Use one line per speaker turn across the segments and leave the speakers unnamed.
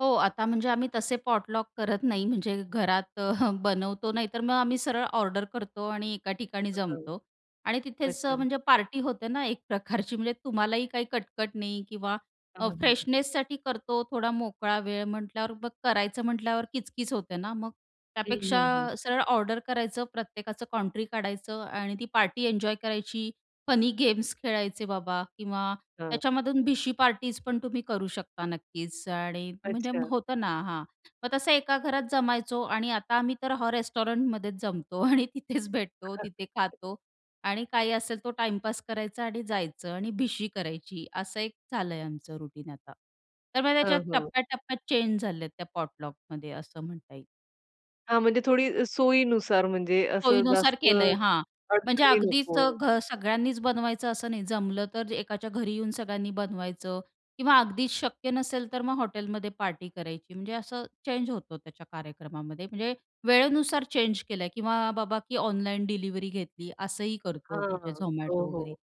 हो, आता म्हणजे आम्ही तसे पॉटलॉक करत नाही. म्हणजे घरात बनवतो, नाही तर मग आम्ही सरळ ऑर्डर करतो आणि एका ठिकाणी
[unintelligible]
जमतो आणि तिथेच अ,
अच्छा.
म्हणजे पार्टी होते ना एक प्रकारची. म्हणजे तुम्हालाही काही कटकट नाही किंवा
हां,
अ,
हां.
फ्रेशनेससाठी करतो. थोडा मोकळा वेळ म्हटल्यावर मग करायचं म्हटल्यावर किचकिच होते ना मग.
हं,
त्यापेक्षा
हं, हं.
सरळ ऑर्डर करायचं, प्रत्येकाचं कॉन्ट्री काढायचं आणि ती पार्टी एन्जॉय करायची, फनी गेम्स खेळायचे बाबा किंवा
हां.
त्याच्यामधून भिशी पार्टीज पण तुम्ही करू शकता नक्कीच आणि म्हणजे
अच्छा.
होतं ना हां, मग तसं एका घरात जमायचो आणि आता आम्ही तर हां, रेस्टॉरंटमध्येच जमतो आणि तिथेच भेटतो, तिथे खातो आणि काही असेल तो टाईमपास करायचा आणि जायचं आणि भिशी करायची असं एक झालंय आमचं रुटीन आता. तर मग त्याच्यात
हां, हां.
टप्प्या-टप्प्यात चेंज झाल्यात त्या पॉटलॉकमध्ये असं म्हणता येईल.
हां, म्हणजे थोडी सोयीनुसार म्हणजे असं
सोयीनुसार
जास्त
केलंय. हां. म्हणजे
अडचणी
अगदीच अ,
नको.
घ सगळ्यांनीच बनवायचं असं नाही. जमलं तर एकाच्या घरी येऊन सगळ्यांनी बनवायचं किंवा अगदीच शक्य नसेल तर मग हॉटेलमध्ये पार्टी करायची म्हणजे असं चेंज होतं त्याच्या कार्यक्रमामध्ये. म्हणजे वेळेनुसार चेंज केलंय किंवा बाबा की ऑनलाईन डिलिव्हरी घेतली, असंही करतो
हां,
म्हणजे
हां. हो,
Zomato
हो.
वगैरे.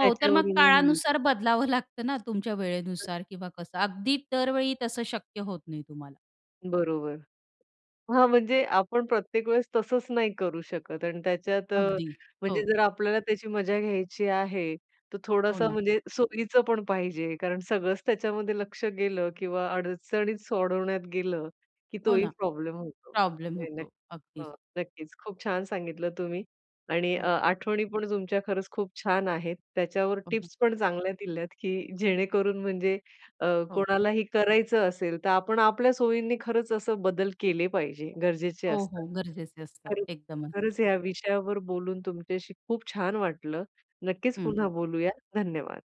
हो, तर मग काळानुसार बदलावं लागतं ना, तुमच्या वेळेनुसार किंवा कसं अगदी दरवेळी तसं शक्य होत नाही तुम्हाला.
बरोबर. हां, म्हणजे आपण प्रत्येक वेळेस तसंच नाही करू शकत आणि त्याच्यात अ,
अगदी.
म्हणजे
हो.
जर आपल्याला त्याची मजा घ्यायची आहे, तर
हो
थोडासा
ना.
म्हणजे सोयीचं पण पाहिजे कारण सगळंच त्याच्यामध्ये लक्ष गेलं किंवा अडचणीच सोडवण्यात गेलं की
हो
तोही
ना.
प्रॉब्लेम होतो.
प्रॉब्लेम
नाही नक्क
होतो
अ,
अगदीच.
नक्कीच. खूप छान सांगितलं तुम्ही आणि अ,
हो.
आठवणी पण तुमच्या खरंच खूप छान आहेत. त्याच्यावर
हं, हं.
टिप्स पण चांगल्या दिल्यात, की जेणेकरून म्हणजे अ,
हो.
कोणालाही करायचं असेल तर आपण आपल्या सोयींनी खरंच असं बदल केले पाहिजे, गरजेचे
हो,
असतात.
हो. गरजेचे असतात
खरंच
एकदमच.
खरंच या विषयावर बोलून तुमच्याशी खूप छान वाटलं. नक्कीच
हं.
पुन्हा बोलूया. धन्यवाद.